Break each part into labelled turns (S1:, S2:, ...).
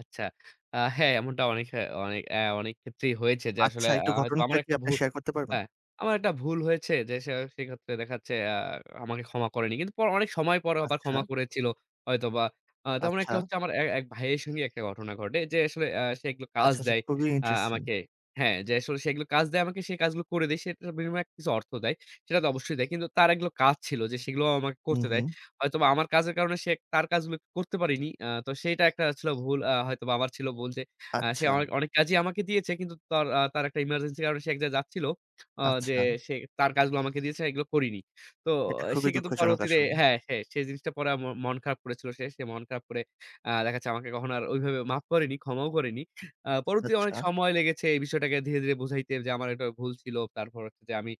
S1: আচ্ছা। আ হ্যাঁ, এমনটা অনেক হ্যাঁ, অনেক অ্যা অনেক ক্ষেত্রেই হয়েছে যে আসলে
S2: আচ্ছা,
S1: আ
S2: একটু
S1: হয়তো
S2: ঘটনাটা
S1: আমার
S2: কি
S1: একটা
S2: আপনি
S1: ভুল,
S2: শেয়ার করতে পারবেন?
S1: হ্যাঁ, আমার একটা ভুল হয়েছে যে, সে সেক্ষেত্রে দেখা যাচ্ছে আ আমাকে ক্ষমা করেনি। কিন্তু পর অনেক সময় পরও আবার
S2: আচ্ছা।
S1: ক্ষমা করেছিল, হয়তোবা। আ তেমন একটা
S2: আচ্ছা।
S1: হচ্ছে আমার, অ্যা এক ভাইয়ের সঙ্গে একটা ঘটনা ঘটে। যে আসলে অ্যা সে এগুলো কাজ
S2: আচ্ছা, আচ্ছা
S1: দেয়,
S2: খুবই
S1: আ
S2: ইন্টারেস্টিং।
S1: আমাকে। হ্যাঁ, যে আসলে সেগুলো কাজ দেয় আমাকে, সে কাজগুলো করে দেই। সে তার বিনিময়ে কিছু অর্থ দেয়। সেটা তো অবশ্যই দেয়। কিন্তু তার একগুলো কাজ ছিল যে, সেগুলোও আমাকে
S2: হু,
S1: করতে দেয়।
S2: হু।
S1: হয়তোবা আমার কাজের কারণে সে তার কাজগুলো করতে পারিনি। আ তো সেইটা একটা ছিল ভুল আ হয়তোবা আমার ছিল ভুল যে, আ সে অনেক,
S2: আচ্ছা।
S1: অনেক কাজই আমাকে দিয়েছে। কিন্তু তার আ তার একটা এমার্জেন্সি কারণে সে এক জায়গায় যাচ্ছিল। অ যে
S2: আচ্ছা।
S1: সে তার কাজগুলো আমাকে দিয়েছে, এগুলো করিনি। তো
S2: এটা
S1: সে
S2: খুবই
S1: কিন্তু
S2: দুঃখজনক
S1: পরবর্তীতে
S2: আসলে।
S1: হ্যাঁ, হ্যাঁ সে জিনিসটা পড়ে আ ম মন খারাপ করেছিল সে। সে মন খারাপ করে, আ দেখা যাচ্ছে, আমাকে কখনো আর ওইভাবে মাফ করেনি, ক্ষমাও করেনি। আ পরবর্তীতে অনেক
S2: আচ্ছা।
S1: সময় লেগেছে, এই বিষয়টাকে ধীরে, ধীরে বুঝাইতে যে, আমার একটা ভুল ছিল। তারপর হচ্ছে যে, আমি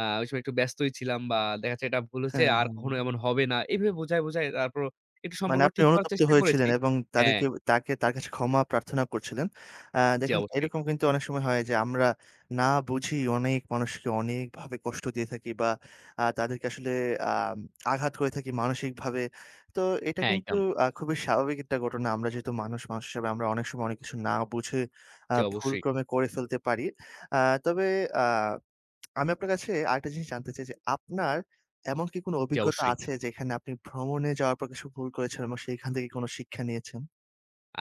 S1: আ ওই সময় একটু ব্যস্তই ছিলাম বা দেখা যাচ্ছে, এটা ভুল হইছে,
S2: হ্যাঁ,
S1: আর কখনো
S2: হ্যাঁ।
S1: এমন হবে না। এভাবে বুঝায়, বুঝায় আ তারপরও একটু
S2: মানে
S1: সম্পর্ক
S2: আপনি
S1: ঠিক করার
S2: অনুতপ্ত
S1: চেষ্টা করেছি।
S2: হয়েছিলেন এবং
S1: হ্যাঁ।
S2: তাদেরকে তাকে তার কাছে ক্ষমা প্রার্থনা করছিলেন। অ্যা
S1: জ্বী,
S2: দেখুন,
S1: অবশ্যই।
S2: এরকম কিন্তু অনেক সময় হয় যে, আমরা না বুঝি অনেক মানুষকে অনেকভাবে কষ্ট দিয়ে থাকি বা আ তাদেরকে আসলে আ আঘাত করে থাকি মানসিকভাবে। তো এটা
S1: হ্যাঁ,
S2: কিন্তু
S1: একদম।
S2: আ খুবই স্বাভাবিক একটা ঘটনা। আমরা যেহেতু মানুষ, মানুষ হিসাবে আমরা অনেক সময়, অনেক কিছু না বুঝে আ
S1: জ্বী, অবশ্যই।
S2: ভুলক্রমে করে ফেলতে পারি। আ তবে আ আমি আপনার কাছে আরেকটা জিনিস জানতে চাই যে, আপনার এমন কি কোন
S1: জ্বী,
S2: অভিজ্ঞতা
S1: অবশ্যই।
S2: আছে, যেখানে আপনি ভ্রমণে যাওয়ার পর কিছু ভুল করেছেন এবং সেইখান থেকে কোন শিক্ষা নিয়েছেন?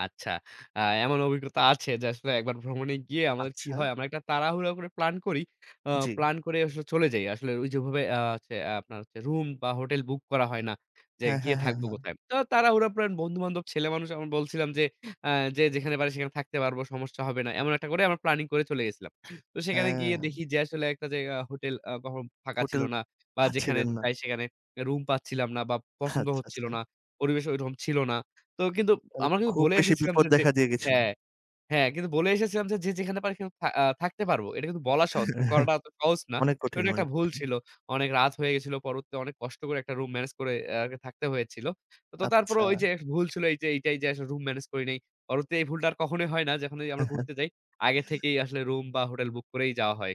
S1: আচ্ছা। আ এমন অভিজ্ঞতা আছে যে, আসলে একবার ভ্রমণে গিয়ে আমাদের কি
S2: আচ্ছা।
S1: হয়? আমরা একটা তাড়াহুড়া করে প্লান করি, আ
S2: জ্বি।
S1: প্লান করে আসলে চলে যাই। আসলে ঐ যে ওভাবে আ হচ্ছে, আপনার হচ্ছে রুম বা হোটেল বুক করা হয় না, যে
S2: হ্যাঁ,
S1: গিয়ে
S2: হ্যাঁ, হ্যাঁ,
S1: থাকবো
S2: হ্যাঁ।
S1: কোথায়? তো তাড়াহুড়া প্লান, বন্ধুবান্ধব ছেলে মানুষ আমি বলছিলাম যে, আ যে যেখানে পাত্র সেখানে থাকতে পারবো, সমস্যা হবে না। এমন একটা করে আমরা প্ল্যানিং করে চলে গেছিলাম। তো সেখানে গিয়ে
S2: হ্যাঁ।
S1: দেখি যে আসলে একটা জায়গায় হোটেল আ কখনো ফাঁকা ছিল
S2: হোটেল
S1: না। বা যেখানে
S2: পাচ্ছিলেন না।
S1: যাই, সেখানে রুম পাচ্ছিলাম না বা পছন্দ
S2: আচ্ছা,
S1: হচ্ছিল
S2: আচ্ছা।
S1: না, পরিবেশ ওরকম ছিল না। তো কিন্তু
S2: তাহলে
S1: আমরা কিন্তু
S2: খুব
S1: বলে
S2: বেশি
S1: এসেছিলাম
S2: বিপদ
S1: যে যে
S2: দেখা দিয়ে গেছিল।
S1: হ্যাঁ, হ্যাঁ কিন্তু বলে এসেছিলাম যে, যে যেখানে পারি, কিন থা আ থাকতে পারবো। এটা কিন্তু বলা সহজ কিন্তু করাটা অত সহজ না।
S2: অনেক কঠিন
S1: ওটা একটা
S2: অনেক
S1: ভুল
S2: কঠিন।
S1: ছিল। অনেক রাত হয়ে গেছিল। পরবর্তীতে অনেক কষ্ট করে, একটা রুম ম্যানেজ করে অ্যা আরকি থাকতে হয়েছিল। তো তারপরেও ওই
S2: আচ্ছা।
S1: যে, এ ভুল ছিল এই যে, এইটাই যে আসলে রুম মেনেজ করি নাই। পরবর্তীতে এই ভুলটা আর কখনোই হয় না, যখন এই যে আমরা
S2: হ্যাঁ, হ্যাঁ।
S1: ঘুরতে যাই, আগে থেকেই আসলে রুম বা হোটেল বুক করেই যাওয়া হয়।